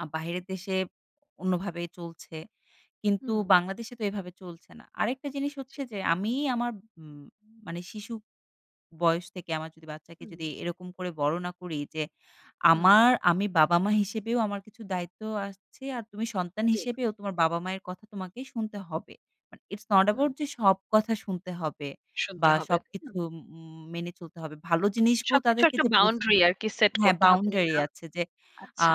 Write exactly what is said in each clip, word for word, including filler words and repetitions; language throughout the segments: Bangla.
আ বাহিরের দেশে অন্যভাবে চলছে। কিন্তু হুম। বাংলাদেশে তো এভাবে চলছে না। আরেকটা জিনিস জি। হচ্ছে যে, আমি আমার মু মানে শিশু বয়স থেকে আমার যদি বাচ্চাকে হুম। যদি এরকম করে বড় না করি যে উম আমার আমি বাবা-মা হিসেবেও আমার কিছু দায়িত্বও আসছে, আর তুমি সন্তান জি। হিসেবেও তোমার বাবা-মায়ের কথা তোমাকে শুনতে হবে। But it's not who, hmm. About যে সব কথা শুনতে হবে শুনতে বা হবে, সবকিছু হুম। উম মেনে চলতে হবে। ভালো জিনিসগুলো সবকিছুর তাদেরকে একটা যে বুঝ বাউন্ডারি আরকি সেট হ্যাঁ, করতে হবে না যে বাউন্ডারি না আছে যে, আ আচ্ছা।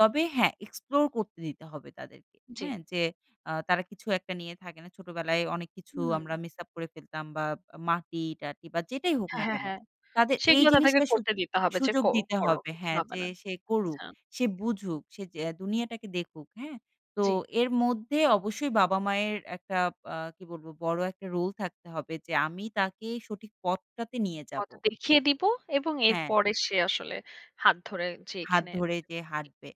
তবে হ্যাঁ, এক্সপ্লোর করতে দিতে হবে তাদেরকে। জি। হ্যাঁ? যে আ তারা কিছু একটা নিয়ে থাকে না। ছোটবেলায় অনেক কিছু আমরা হুম। মিস আপ করে ফেলতাম বা মাটি-টাটি বা যেটাই হোক হ্যাঁ, না হ্যাঁ, কেনো হ্যাঁ। তাদের এই সেগুলা তাদেরকে জিনিসটা করতে সুদু দিতে হবে। যে, সুযোগ "ক দিতে করো হবে। কিছু হ্যাঁ, হবে যে না।" সে করুক, আচ্ছা। সে বুঝুক, সে যে দুনিয়াটাকে দেখুক। হ্যাঁ? তো জি। এর মধ্যে অবশ্যই বাবা-মায়ের একটা আ কি বলবো? বড় একটা রোল থাকতে হবে যে আমি তাকে সঠিক পথটাতে নিয়ে যাবো। হয়তো দেখিয়ে দিবো এবং হ্যাঁ। এরপরে সে আসলে হাত ধরে হাত যেইখানে যেটা ধরে যে ঠিক হাঁটবে।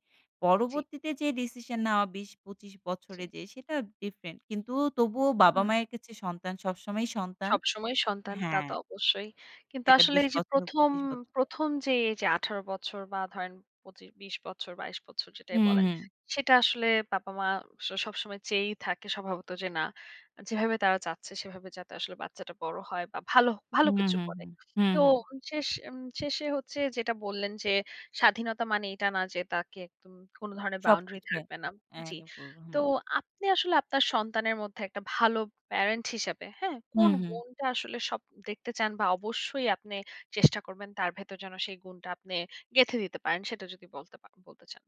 জি। পরবর্তীতে যে ডিসিশন নেওয়া বিশ-পচিশ বছরে জি। যে সেটা ডিফারেন্ট। কিন্তু তবুও হুম। বাবা-মায়ের কাছে সন্তান সবসময়ই সন্তান সবসময়ই সন্তান তা হ্যাঁ। তো অবশ্যই। কিন্তু এটা আসলে বিশ এই যে বছর হোক প্রথম পঁচিশ বছর হোক। প্রথম যে এই যে আঠারো বছর বা ধরেন পঁচিশ-বিশ বছর বাইশ বছর যেটাই হুম, বলেন হুম। সেটা আসলে পাপা-মা স সবসময় চেয়েই থাকে স্বভাবত যে না যেভাবে তারা চাচ্ছে সেভাবে যাতে আসলে বাচ্চাটা বড় হয় বা ভালো ভালো হুম, কিছু হুম, করে। হুম, হুম, তো হুম। শেষ উম শেষে হচ্ছে যেটা বললেন যে স্বাধীনতা মানে এটা না যে তাকে একদম কোনো ধরনের বাউন্ডারি সবকিছু হ্যাঁ, থাকবে না জি। এলাউ করব তো হুম। আপনি আসলে আপনার সন্তানের মধ্যে একটা ভালো প্যারেন্ট হিসেবে, হ্যাঁ? কোন হুম, হুম। গুণটা আসলে সব দেখতে চান বা অবশ্যই আপনে চেষ্টা করবেন তার ভেতর যেন সেই গুণটা আপনি গেঁথে দিতে পারেন? সেটা যদি বলতে পা বলতে চান।